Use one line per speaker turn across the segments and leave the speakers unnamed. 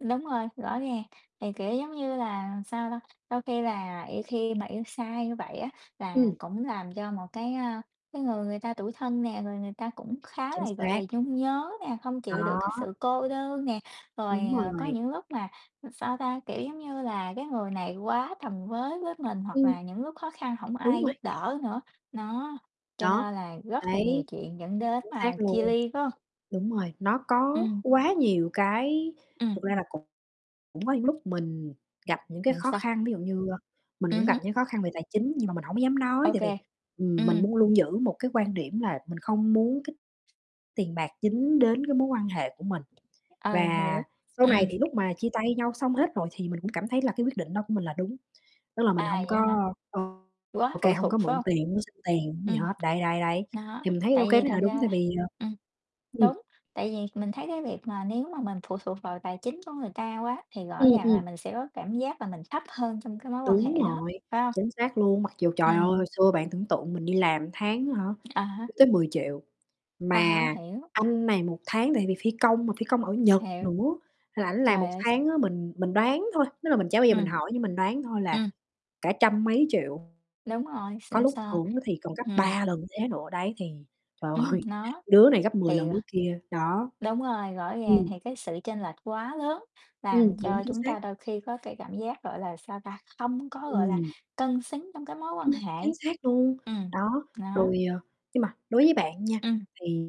Đúng rồi, rõ ràng, thì, kiểu, giống như là, sao ta, đôi khi là i khi mà yêu sai như vậy á, là
Ừm.
cũng làm cho một cái, a, cái người người ta tủi thân nè, rồi người ta cũng khá là,
Chính
gọi là,
xác.
nhung nhớ nè, không
Đó.
chịu được cái sự cô đơn nè. Rồi,
Đúng
à, có
rồi.
những lúc mà, sao ta, kiểu, giống như là, cái người này quá tầm với với mình hoặc
Ừm.
là những lúc khó khăn hổng
Đúng
ai
rồi.
giúp đỡ nữa, nó, cho
Đó,
nên là rất là nhiều
đấy.
chuyện dẫn đến
Chính
mà
xác
chia
luôn.
ly, phải hông?
Đúng rồi, nó có
Ừm.
quá nhiều cái
Ừm.
thực ra là cũng cũng có những lúc mình gặp những cái
Ừm,
khó
sao?
khăn, ví dụ như, ơ, mình
Ừm
cũng gặp
hứm.
những cái khó khăn về tài chính nhưng mà mình hổng có dám nói
Ô
tại
kê,
vì, ừm, mình
ừm.
muốn luôn giữ một cái quan điểm là mình không muốn cái tiền bạc dính đến cái mối quan hệ của mình.
Ờ, hiểu,
Và sau này
ừm.
thì lúc mà chia tay nhau xong hết rồi thì mình cũng cảm thấy là cái quyết định đó của mình là đúng, tức là
À,
mình hông có
vậy hả?
ô
Quá
ô kê
phụ
hông có
thuộc, phải
mượn
hông?
tiền hông xin tiền, hổng gì
Ừm,
hết. Đấy, đấy, đấy,
đó,
thì mình thấy ô
tại
kê
vì
thế
thật
là đúng,
ra
tại
là
vì, ờ
ừm,
ừm.
đúng, tại vì mình thấy cái việc mà nếu mà mình phụ thuộc vào tài chính của người ta quá thì rõ
Ừm,
ràng là
ừm.
mình sẽ có cảm giác là mình thấp hơn trong cái mối quan
Đúng
hệ đó,
rồi,
phải hông?
chính xác luôn, mặc dù, trời ơi,
Ừm.
hồi xưa bạn tưởng tượng mình đi làm tháng á hả,
À
chưa
há.
tới 10.000.000,
À há,
mà
hiểu.
anh này một tháng tại vì phi công mà phi công ở Nhật
Hiểu.
nữa, nên là ảnh làm một
Trời ơi, sợ.
tháng á mình mình đoán thôi, tức là mình chả bao giờ mình
Ừm.
hỏi nhưng mình đoán thôi là
Ừm.
cả trăm mấy triệu.
Đúng rồi,
Có
xịn
lúc
sò.
thưởng thì còn gấp
Ừm.
3 lần thế nữa, đấy thì trời
Ừm,
ơi,
nó.
đứa này gấp 10
Thì
lần đứa kia, đó.
đúng rồi, rõ ràng
Ừm.
thì cái sự chênh lệch quá lớn
Ừm,
làm
đúng,
cho
chính
chúng
xác.
ta đôi khi có cái cảm giác, gọi là, sao ta, không có, gọi là,
Ừm.
cân xứng trong cái mối quan
Ưm, chính
hệ.
xác luôn,
Ừm,
đó,
đó.
rồi, à nhưng mà đối với bạn nha
Ừm.
thì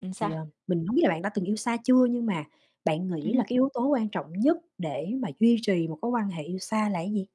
Ừm,
thì,
sao?
ờ, mình hông biết là bạn đã từng yêu xa chưa nhưng mà bạn
Ừm
nghĩ là
hứm.
cái yếu tố quan trọng nhất để mà duy trì một cái quan hệ yêu xa là gì?